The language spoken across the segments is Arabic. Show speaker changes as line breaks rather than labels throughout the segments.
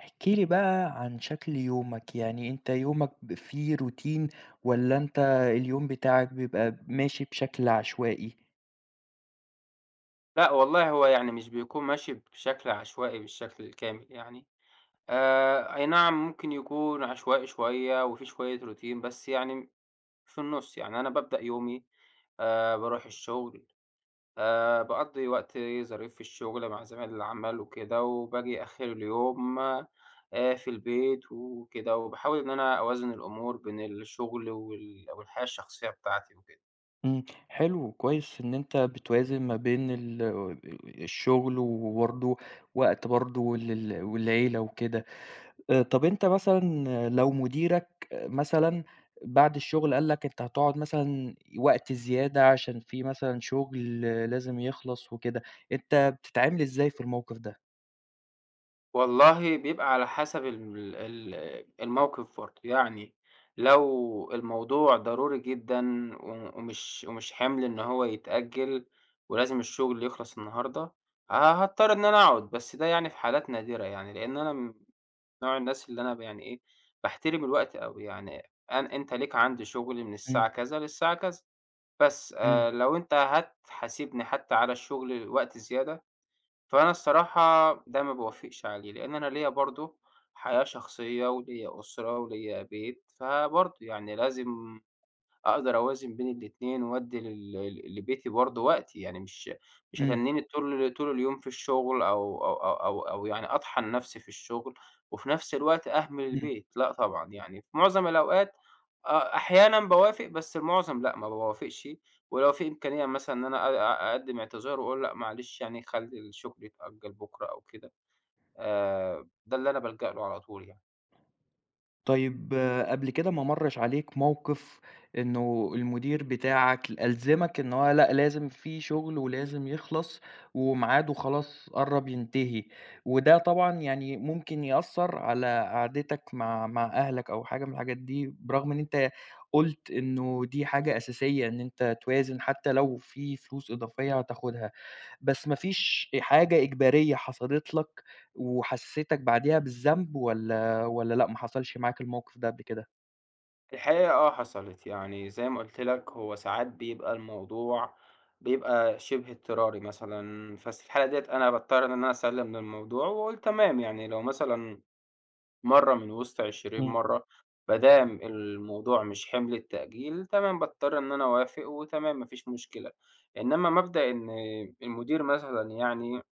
احكِ لي بقى عن شكل يومك، يعني أنت يومك ب في روتين والَّا أنت اليوم بتاعك بيبقى ماشي بشكل عشوائي؟
لأ والله، هو يعني مش بيكون ماشي بشكل عشوائي بالشكل الكامل يعني آآ، أي نعم ممكن يكون عشوائي شوية وفي شوية روتين بس يعني في النُصّ، يعني أنا بابدأ يومي آآ، بارُوح الشغل آآ، باقضّي وقتي ظريف في الشغل مع زمايل العمل وكده، وباجي آخر اليوم آآ، في البيت وكده، وباحاول إن أنا أوازن الأمور بين الشغل وال والحياة الشخصية بتاعتي وكده.
امم. حلو كويس إن أنت بتوازن ما بين ال الشغل وبرضه وقت برضه ال ال والعيلة وكده، آآ، طَب أنت مثلًا لو مديرك مثلًا بعد الشغل قال لك أنت هتقعد مثلًا وقت زيادة عشان في مثلًا شغل لازم يخلص وكده، أنت بتتعامل إزاي في الموقف ده؟
والله بيبقى على حسب ال ال الموقف برضه، يعني لو الموضوع ضروري جدًا، و ومش ومش حِمْل إن هو يتأجل ولازم الشغل يخلص النهارده، ه هاضطر إن أنا أقعد، بس ده يعني في حالات نادرة يعني، لأن أنا نوع الناس اللي أنا ب يعني إيه، باحترم الوقت أوي يعني، أنا أنت ليك عندي شغل من
إمم.
الساعة كذا للساعة كذا، بس
إمم.
آآ، لو أنت هتحاسبني حتى على الشغل وقت زيادة فأنا الصراحة ده ما باوافقش عليه، لأن أنا ليّا برضه حياة شخصية وليّا أسرة وليّا بيت فبرضه، يعني لازم أقدر أوازن بين الاتنين وادّي لل لبيتي برضه وقت يعني مش مش
إمم.
هاتنّيني طول طول اليوم في الشغل أو أو أو أو أو يعني أطحن نفسي في الشغل وفي نفس الوقت أهمل
إمم.
البيت، لأ طبعًا يعني في معظم الأوقات أ أحيانًا باوافق بس المعظم لأ، ما باوافقش ولو في إمكانية مثلًا إن أنا أ أقدِّم اعتذار وأقول لأ معلش يعني خلّي الشغل يتأجِّل بُكره أو كده آآ، ده اللي أنا بالجأ له على طول يعني.
طيب قبل كده ما مَرِّش عليك موقِف إنه المدير بتاعك ألزمك إن هو لأ لازم في شُغل ولازم يخلص ومعاده خلاص قرَّب ينتهي وده طبعًا يعني ممكن يأثّر على قعدتك مع مع أهلك أو حاجة من الحاجات دي برغم إن أنت قُلت إنه دي حاجة أساسية إن أنت توازن حتّى لو في فلوس إضافية هتاخُدها، بس ما فيش حاجة إجبارية حصلِت لك وحسِّستك بعديها بالذنب والّا والّا لأ ما حصلش معاك الموقِف ده قبل كده؟
الحقيقة آه حصلِت، يعني زي ما قُلت لك هو ساعات بيبقى الموضوع بيبقى شِبه اضطراري مثلًا بس في الحالة ديّة أنا باضطر إن أنا أسلِّم للموضوع وأقول تمام، يعني لو مثلًا مرّة من وِسط 20
إمم.
مرّة ما دام الموضوع مش حِمْل التأجيل تمام باضطر إن أنا أوافق وتمام ما فيش مشكلة، إنّما مبدأ إن المدير مثلًا يعني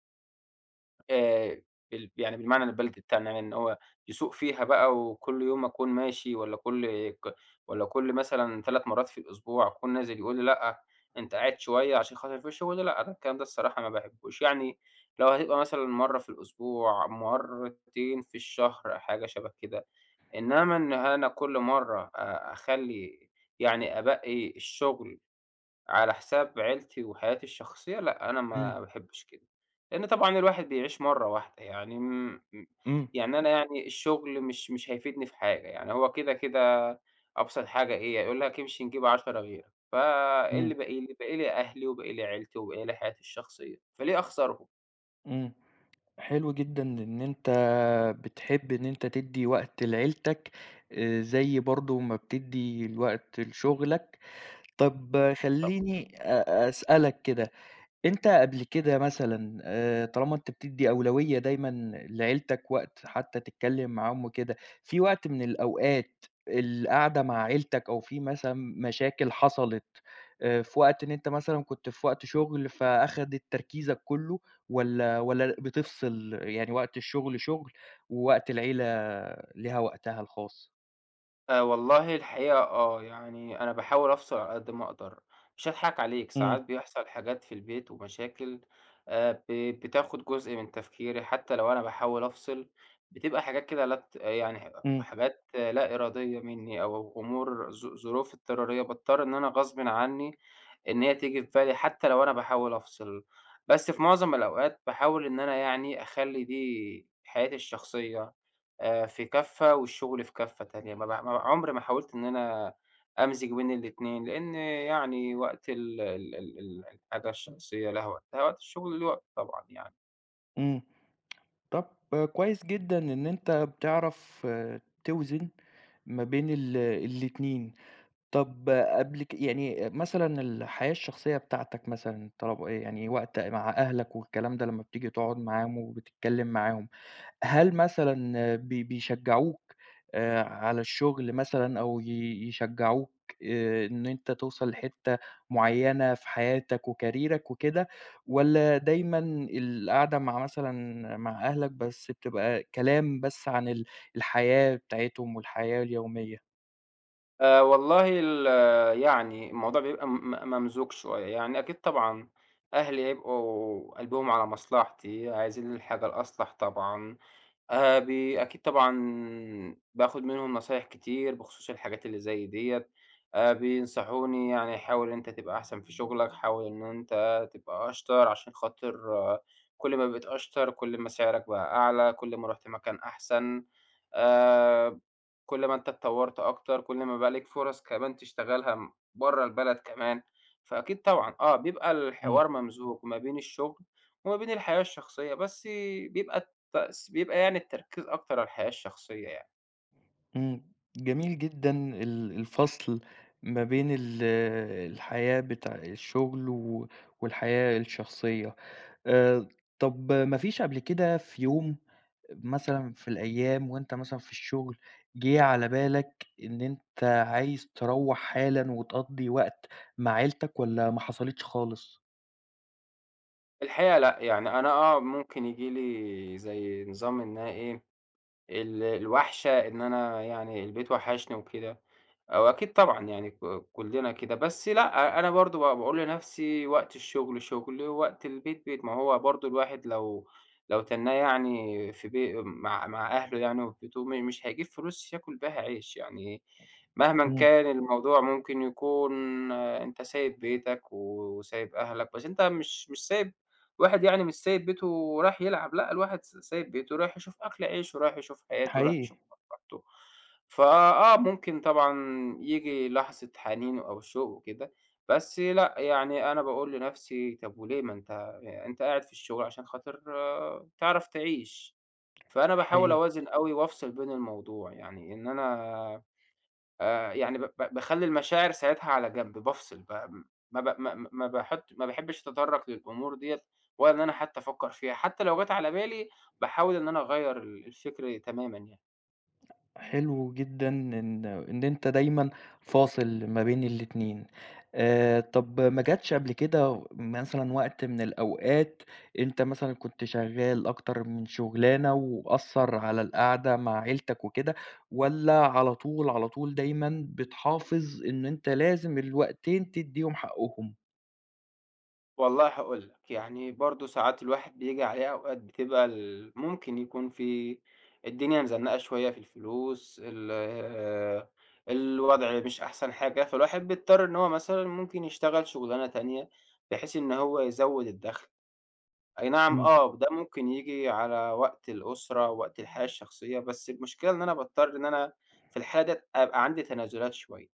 آآ بال يعني بالمعنى البلدي بتاعنا يعني إن هو يسوق فيها بقى وكل يوم أكون ماشي والّا كل ك والّا كل مثلًا 3 مرّات في الأسبوع أكون نازل يقول لي لأ أنت قاعد شوية عشان خاطر ما فيش شُغل، لأ، ده الكلام ده الصراحة ما باحبهوش، يعني لو هيبقى مثلًا مرّة في الأسبوع، مرّتين في الشهر حاجة شَبه كده، إنّما إن أنا كل مرّة آآ، أخلّي يعني أبقِّي الشُغل على حساب عيلتي وحياتي الشخصية لأ، أنا ما
إمم.
باحبش كده لإن طبعًا الواحد بيعيش مرّة واحدة يعني م
إمم.
يعني أنا يعني الشُغل مش مش هيفيدني في حاجة، يعني هو كده، كده أبسط حاجة إيه، هيقول لك امشي نجيب 10 غيرك، فإيه اللي
إمم.
باقي لي، باقي لي أهلي وباقي لي عيلتي وباقي لي حياتي الشخصية، فليه أخسرهم؟
امم. حلو جدًا إن أنت بتحب إن أنت تدّي وقت لعيلتك آآ، زي برضه ما بتدّي الوقت لشُغلك. طَب
طبعًا.
خلّيني أ أسألك كده، أنت قبل كده مثلًا آآ، طالما أنت بتدّي أولوية دايمًا لعيلتك وقت حتّى تتكلم معاهم وكده، في وقت من الأوقات القَعدة مع عيلتك أو في مثلًا مشاكل حصلِت آآ، في وقت إن أنت مثلًا كنت في وقت شُغل فأخدِت تركيزك كلّه والّا والّا ل بتفصل يعني وقت الشغل شُغل ووقت العيلة ليها وقتها الخاص؟
آآ، والله الحقيقة آه، يعني أنا باحاول أفصل على قد ما أقدر، مش هاضحك عليك ساعات
إمم.
بيحصل حاجات في البيت ومشاكل آآ، ب بتاخد جزء من تفكيري حتّى لو أنا باحاول أفصل بتبقى حاجات كده لا ت آآ، يعني ح أ
إمم.
حاجات لا إرادية مِنّي أو أمور ظ ظروف اضطرارية، باضطر إن أنا غصبٍ عنّي إن هي تيجي في بالي حتّى لو أنا باحاول أفصل، بس في مُعظَم الأوقات باحاول إن أنا يعني أخلّي دي حياتي الشخصية آآ، في كفة والشغل في كفة تانية ما ب ما عمري ما حاولت إن أنا أمزج بين الاتنين، لإن يعني وقت ال ال ال ال الحاجة الشخصية لها وقتها وقت الشغل ليه وقته طبعًا يعني.
إمم، طَب كويس جدًا إن أنت بتعرف توزن ما بين ال الاتنين، طَب قبل ك يعني مثلًا الحياة الشخصية بتاعتك مثلًا، طلب آآ، يعني وقت مع أهلك والكلام ده لمّا بتيجي تقعد معاهم وبتتكلم معاهم، هل مثلًا بي بيشجّعوك آآ، على الشغل مثلًا أو ي يشجّعوك آآ، إن أنت توصل لحتة معيّنة في حياتك وكاريرك وكده والَّا دايمًا القعدة مع مثلًا مع أهلك بس بتبقى كلام بس عن ال الحياة بتاعتهم والحياة اليومية؟
آآ، والله ال يعني الموضوع بيبقى م م ممزوج شوية، يعني أكيد طبعًا أهلي هيبقوا قلبهم على مصلحتي، عايزين الحاجة الأصلح طبعًا آآ، بي أكيد طبعًا باخد منهم نصايح كتير بخصوص الحاجات اللي زي ديَّة، آآ، بينصحوني يعني حاول إن أنت تبقى أحسن في شغلك، حاول إن أنت تبقى أشطر، عشان خاطر كُلّ ما بقيت أشطر، كُلّ ما سعرك بقى أعلى، كُلّ ما رُحت مكان أحسن آآ، كُلّ ما أنت اتطوّرت أكتر، كُلّ ما بقى ليك فُرَص كمان تشتغلها برّه البلد كمان، فأكيد طبعًا آه، بيبقى
إمم.
الحوار ممزوج ما بين الشغل وما بين الحياة الشخصية بس بيبقى التس بيبقى يعني التركيز أكتر على الحياة الشخصية يعني.
إمم جميل جدًا ال الفصل ما بين ال الحياة بتاع الشغل و والحياة الشخصية. آآ، طَب ما فيش قبل كده في يوم مثلًا في الأيام وأنت مثلًا في الشغل جيه على بالَك إن أنت عايز تروَّح حالًا وتقضّي وقت مع عيلتَك والّا ما حصلتش خالص؟
الحقيقة لأ، يعني أنا آه، ممكن ييجي لي زي نظام إنها إيه ال الوَحشة إن أنا يعني البيت وحشني وكده آآ، وأكيد طبعًا يعني ك كُلنا كده، بس لأ، أنا برضه ب باقول لنَفْسي وقت الشغل شُغل ووقت البيت بيت. ما هو برضه الواحد لو لو تنّاه يعني في بي مع مع أهله يعني وفي بيته م مش هيجيب فلوس ياكل بيها عيش، يعني مهمًا
إمم.
كان الموضوع ممكن يكون أنت سايب بيتَك و وسايب أهلَك بس أنت مش مش سايب واحد يعني مش سايب بيته ورياح يلعب، لأ، الواحد س سايب بيته ورايح يشوف أكل عيشه، رايح يشوف حياته ورايح
حقيقي.
يشوف مصلحته. فآه، ممكن طبعًا ييجي لحظة حنين أو شوق وكده بس لأ، يعني أنا باقول لنَفْسي طَب وليه ما أنت ي أنت قاعد في الشغل عشان خاطر تعرف تعيش، فأنا باحاول
حقيقي.
أوازن أوي وافصل بين الموضوع يعني إن أنا آآ، يعني ب ب باخلّي المشاعر ساعتها على جَنْب، بافصل ب م ما ب ما ما ما باحط ما باحبّش أتطرّق للأمور دِيَّة ولا إن أنا حتّى أفكّر فيها حتّى لو جَت على بالي باحاول إن أنا أغيّر ال الفكر تمامًا يعني.
حلو جدًا إن إن أنت دايمًا فاصل ما بين الاتنين. آآ، طَب ما جاتش قبل كده مثلًا وقت من الأوقات أنت مثلًا كنت شغّال أكتر من شُغلانة وأثّر على القعدة مع عيلتك وكده والّا على طول، على طول دايمًا بتحافظ إنه أنت لازم الوقتين تدّيهم حقّهم؟
والله هاقول لك، يعني برضه ساعات الواحد بييجي عليه أوقات بتبقى ال ممكن يكون في الدنيا مزنَّقة شوية في الفلوس ال آآ، الوضع مش أحسن حاجة، فالواحد بيضطر إن هو مثلًا ممكن يشتغل شُغلانة تانية بحيث إن هو يزوّد الدَخْل. أي نعم
إمم.
آه، ده ممكن ييجي على وقت الأسرة، وقت الحياة الشخصية، بس المشكلة إن أنا باضطر إن أنا في الحالة ديّة أبقى عندي تنازُلات شوية،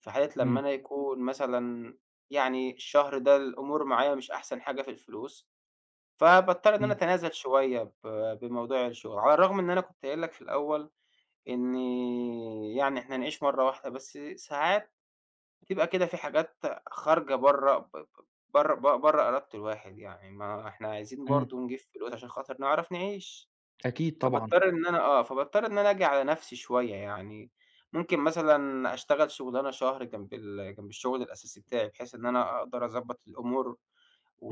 في حالة لمّا
إمم.
أنا يكون مثلًا يعني الشهر ده الأمور معايا مش أحسن حاجة في الفلوس، فباضطر إن أنا
إمم.
أتنازل شوية ب بموضوع الشُغل، على الرغم إن أنا كنت قايل لك في الأول إنّي يعني إحنا نعيش مرّة واحدة، بس ساعات بتبقى كده في حاجات خارجة برّه ب ب برّه ب برّه إرادة الواحد يعني ما إحنا عايزين برضه
إمم.
نجيب فلوس عشان خاطر نعرف نعيش،
أكيد طبعًا.
فباضطر إن أنا آه، فباضطر إن أنا آجي على نَفْسي شوية يعني، ممكن مثلًا أشتغل شُغلانة شهر جنب ال جنب الشُغل الأساسي بتاعي بحيث إن أنا أقدر أضبّط الأمور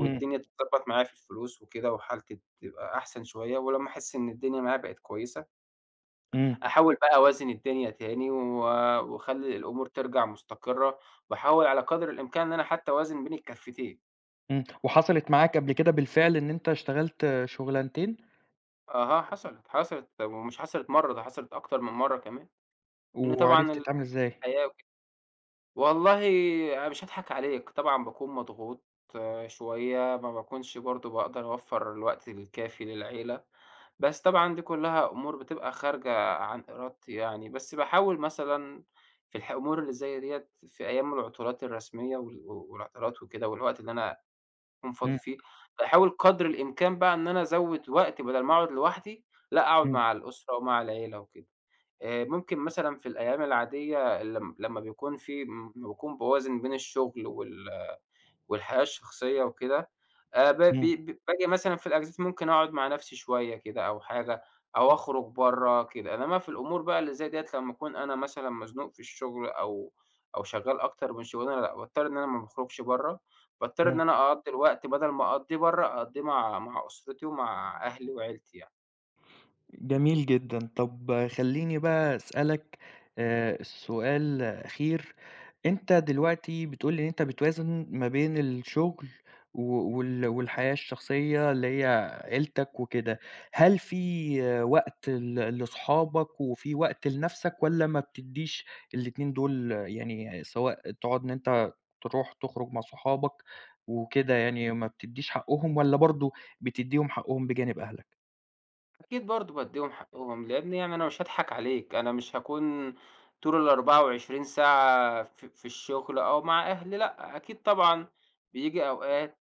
إمم.
تتضبّط معايا في الفلوس وكده وحالتي تبقى أحسن شوية ولمّا أحس إن الدنيا معايا بقت كويسة
إمم.
أحاول بقى أوازن الدنيا تاني و وأخلّي الأمور ترجع مُستقرّة وأحاول على قدر الإمكان إن أنا حتّى أوازن بين الكفّتين.
امم، وحصلِت معاك قبل كده بالفعل إن أنت اشتغلت شغلانتين؟
أها، حصلِت، حصلِت ومش حصلِت مرّة، ده حصلِت أكتر من مرّة كمان. إن
وعرفت
طبعًا
تتعامل إزاي؟
الحياة [unintelligible] والله أنا مش هاضحك عليك، طبعًا باكون مضغوط شوية ما باكونش برضه باقدر أوفّر الوقت الكافي للعيلة، بس طبعًا دي كلّها أمور بتبقى خارجة عن إرادتي يعني، بس باحاول مثلًا في الح أمور اللي زي ديَّة في أيام العطلات الرسمية وال و والعطلات وكده والوقت اللي أنا أكون فاضي
إمم.
فيه، باحاول قدر الإمكان بقى إن أنا أزوّد وقت بدل ما أقعد لوحدي لأ، أقعد
إمم.
مع الأسرة ومع العيلة وكده آآ، ممكن مثلًا في الأيام العادية لم لمّا بيكون في لمّا باكون باوازن بين الشغل وال والحياة الشخصية وكده آآ، ب ب
إمم.
ب باجي مثلًا في الأجازات ممكن أقعد مع نفسي شوية كده أو حاجة، أو أخرج برّه كده، إنّما في الأمور بقى اللي زي دي لمّا أكون أنا مثلًا مزنوق في الشغل أو أو شغال أكتر من شغلانة، لأ، باضطر إن أنا ما باخرجش برّه، باضطر
إمم.
إن أنا أقضّي الوقت بدل ما أقضّيه برّه أقضّيه مع مع أسرتي ومع أهلي وعيلتي يعني.
جميل جدًا، طَب خلّيني بقى أسألك آآ، سؤال أخير، أنت دلوقتي بتقول لي إن أنت بتوازن ما بين الشغل و و وال والحياة الشخصية اللي هي عيلتك وكده، هل في وقت ل لصحابك وفي وقت لنفْسك والّا ما بتدّيش ال2 دول يعني سواء تقعد إن أنت ترُوح تخرج مع صحابك وكده يعني ما بتدّيش حقهم والّا برضه بتديّهم حقهم بجانب أهلك؟
أكيد برضه بادّيهم حقهم، لأنّي يعني أنا مش هاضحك عليك، أنا مش هاكون طول ال24 ساعة في في الشغل أو مع أهلي لأ، أكيد طبعًا بييجي أوقات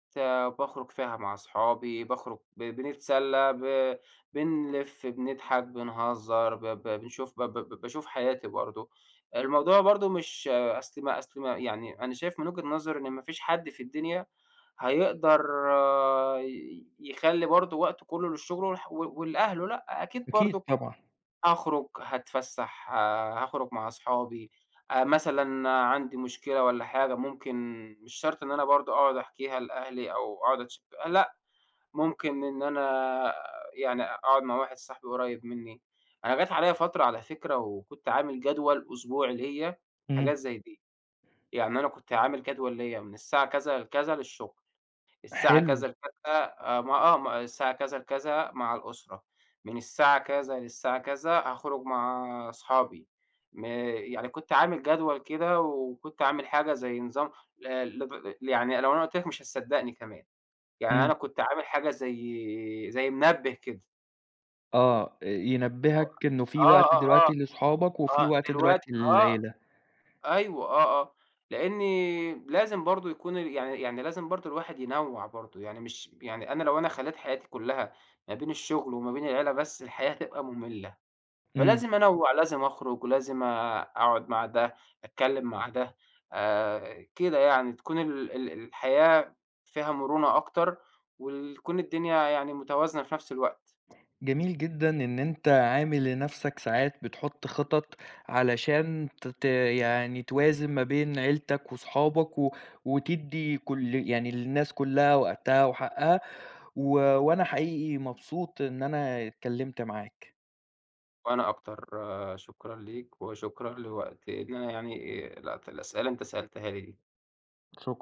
باخرج فيها مع صحابي، باخرج ب بنتسلّى، ب بنلف، بنضحك، بنهزّر، ب ب بنشوف ب ب ب باشوف حياتي برضه، الموضوع برضه مش أصل ما أصل ما يعني أنا شايف من وجهة نظري، إن ما فيش حد في الدنيا هيقدر ي يخلّي برضه وقته كُلّه للشغل والح و ولأهله لأ، أكيد
أكيد
برضُك
طبعًا.
أخرج، هاتفسّح آآ، هاخرج مع صحابي آآ، مثلًا عندي مشكلة والّا حاجة، ممكن مش شرط إن أنا برضه أقعد أحكيها لأهلي أو أقعد أتش لأ، ممكن إن أنا يعني أقعد مع واحد صاحبي قُريّب منّي، أنا جات عليَّ فترة على فكرة وكنت عامل جدول أسبوعي ليَّ،
إمم.
حاجات زي دي، يعني أنا كنت عامل جدول ليَّ من الساعة كذا لكذا للشغل، الساعة
حلو.
كذا لكذا آآ، ما آه، م الساعة كذا لكذا مع الأسرة، من الساعة كذا للساعة كذا هاخرج مع صحابي، م يعني كنت عامل جدول كده وكنت عامل حاجة زي نظام ل لد ل يعني لو أنا قُلت لَك مش هتصدقني كمان، يعني
إمم.
أنا كنت عامل حاجة زي زي منبّه كده.
آه آآ، ينبهك
[unintelligible]
إنّه في
آه،
وقت
آه، آه،
دلوقتي لصحابك وفي
آه
وقت
دلوقتي
دلوقتي
آه،
للعيلة.
أيوه آه، آه، لأنّي لازم برضه يكون يعني يعني لازم برضه الواحد ينوّع برضه، يعني مش يعني أنا لو أنا خلّيت حياتي كُلها ما بين الشغل وما بين العيلة بس، الحياة هتبقى مملّة،
إمم.
فلازم أنوّع، لازم أخرج ولازم آآ، أقعد مع ده، أتكلم مع ده آآ، كده يعني، تكون ال ال الحياة فيها مرونة أكتر وتكون الدنيا يعني متوازنة في نفْس الوقت.
جميل جدًا إن أنت عامل لنفْسك ساعات بتحط خطط، علشان ت ت يعني توازن ما بين عيلتك وصحابك و وتدّي كُل يعني للناس كُلها وقتها وحقها و وأنا حقيقي مبسوط إن أنا اتكلمت معاك.
وأنا أكتر، شكرًا ليك وشكرًا لوقت إن أنا يعني، آآ، لقطت الأسئلة اللي أنت سألتها لي دي.
شك